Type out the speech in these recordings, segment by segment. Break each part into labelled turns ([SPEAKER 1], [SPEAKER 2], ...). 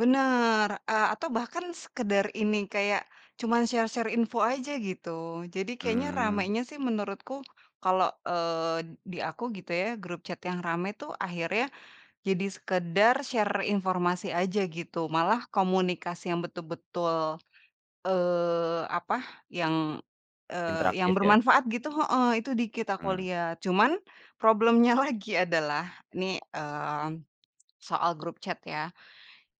[SPEAKER 1] Bener. Eee, atau bahkan sekedar ini kayak, cuman share-share info aja gitu. Jadi kayaknya
[SPEAKER 2] Mmm.
[SPEAKER 1] ramainya sih menurutku kalo, eee, di aku gitu ya grup chat yang rame tuh akhirnya jadi sekedar share informasi aja gitu, malah komunikasi yang betul-betul, eee, apa yang, eee, yang
[SPEAKER 2] Interaktif ya.
[SPEAKER 1] bermanfaat gitu heeh, itu dikit aku
[SPEAKER 2] Mmm.
[SPEAKER 1] liat. Cuman problem-nya lagi adalah nih, mmm, soal grup chat ya.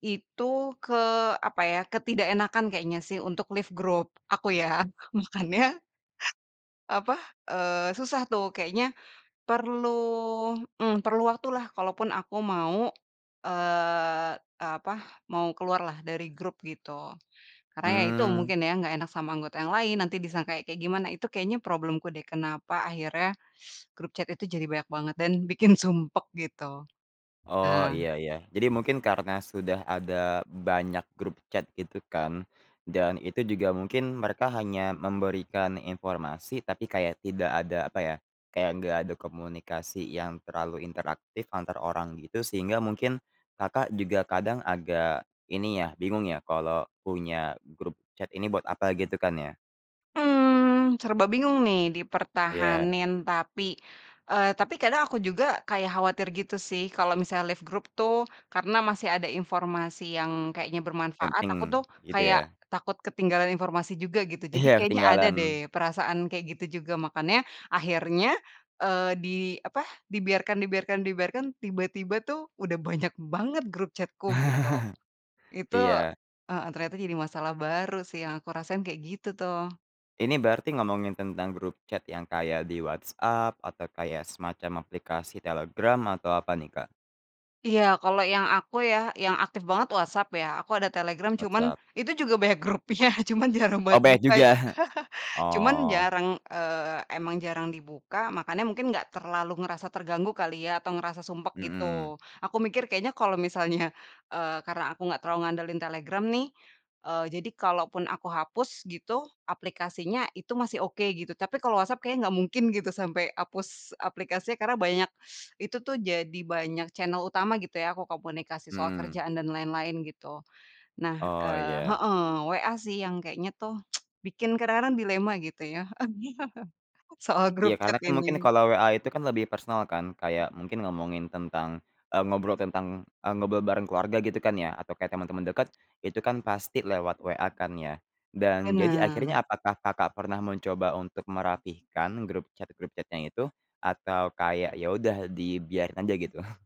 [SPEAKER 1] Itu ke apa ya, ketidakenakan kayaknya sih untuk left grup aku ya. Makannya, apa, eee, susah tuh kayaknya perlu, mmm, perlu waktu lah kalaupun aku mau, eee eee, apa mau keluar lah dari grup gitu. Karena ya itu,
[SPEAKER 2] Mmm.
[SPEAKER 1] mungkin ya, enggak enak sama anggota yang lain, nanti disangka kayak gimana itu kayaknya problem-ku deh, kenapa akhirnya grup chat itu jadi banyak banget dan bikin sumpek gitu.
[SPEAKER 2] Oh,
[SPEAKER 1] Nah
[SPEAKER 2] iya iya. Jadi, mungkin karena sudah ada banyak grup chat gitu kan dan itu juga mungkin mereka hanya memberikan informasi tapi kayak tidak ada apa ya, kayak enggak ada komunikasi yang terlalu interaktif antar orang gitu sehingga mungkin, Kakak juga kadang agak ini ya, bingung ya kalau punya grup chat ini buat apa gitu kan ya.
[SPEAKER 1] Mmm, serba bingung nih
[SPEAKER 2] Iya.
[SPEAKER 1] dipertahanin tapi, eee, tapi kadang aku juga kayak khawatir gitu sih, kalau misalnya left grup tuh karena masih ada informasi yang kayaknya bermanfaat, aku
[SPEAKER 2] Penting,
[SPEAKER 1] tuh
[SPEAKER 2] gitu
[SPEAKER 1] kayak
[SPEAKER 2] ya.
[SPEAKER 1] takut ketinggalan informasi juga gitu. Jadi,
[SPEAKER 2] Iya
[SPEAKER 1] kayaknya ada
[SPEAKER 2] ketinggalan.
[SPEAKER 1] deh perasaan kayak gitu juga, makannya akhirnya, eee, di apa, dibiarkan dibiarkan dibiarkan tiba-tiba tuh udah banyak banget grup chat-ku gitu. Itu
[SPEAKER 2] Iya.
[SPEAKER 1] heeh ternyata jadi masalah baru sih yang aku rasain kayak gitu tuh.
[SPEAKER 2] Ini berarti ngomongin tentang grup chat yang kayak di WhatsApp atau kaya semacam aplikasi Telegram atau apa nih, Kak?
[SPEAKER 1] Iya kalau yang aku ya, yang aktif banget WhatsApp ya, aku ada Telegram cuman
[SPEAKER 2] WhatsApp.
[SPEAKER 1] itu juga banyak grupnya cuman jarang
[SPEAKER 2] Oh,
[SPEAKER 1] banget
[SPEAKER 2] banyak
[SPEAKER 1] buka.
[SPEAKER 2] juga.
[SPEAKER 1] Cuman
[SPEAKER 2] Oh.
[SPEAKER 1] jarang, eee, emang jarang dibuka makannya mungkin enggak terlalu ngerasa terganggu kali ya atau ngerasa sumpek gitu.
[SPEAKER 2] Mhm.
[SPEAKER 1] Aku mikir kayaknya kalau misalnya, eee, karena aku enggak terlalu ngandelin Telegram nih. Eee, jadi kalaupun aku hapus gitu, aplikasinya itu masih oke gitu, tapi kalau WhatsApp kayaknya enggak mungkin gitu sampai hapus aplikasinya karena banyak itu tuh jadi banyak channel utama gitu ya aku komunikasi soal
[SPEAKER 2] Mhm.
[SPEAKER 1] kerjaan dan lain-lain gitu. Nah,
[SPEAKER 2] Oh
[SPEAKER 1] eee
[SPEAKER 2] iya.
[SPEAKER 1] heeh, WA sih yang kayaknya tuh bikin kadang-kadang dilema gitu ya, soal grup
[SPEAKER 2] Iya karena
[SPEAKER 1] chat
[SPEAKER 2] kan mungkin
[SPEAKER 1] ini.
[SPEAKER 2] kalau WA itu kan lebih personal kan, kayak mungkin ngomongin tentang, eee, ngobrol tentang, eee ngobrol bareng keluarga gitu kan ya atau kayak temen-temen deket, itu kan pasti lewat WA kan ya. Dan jadi
[SPEAKER 1] Bener.
[SPEAKER 2] akhirnya apakah, Kakak pernah mencoba untuk merapikan grup chat, grup chat-nya itu, atau kayak ya udah dibiarin aja gitu?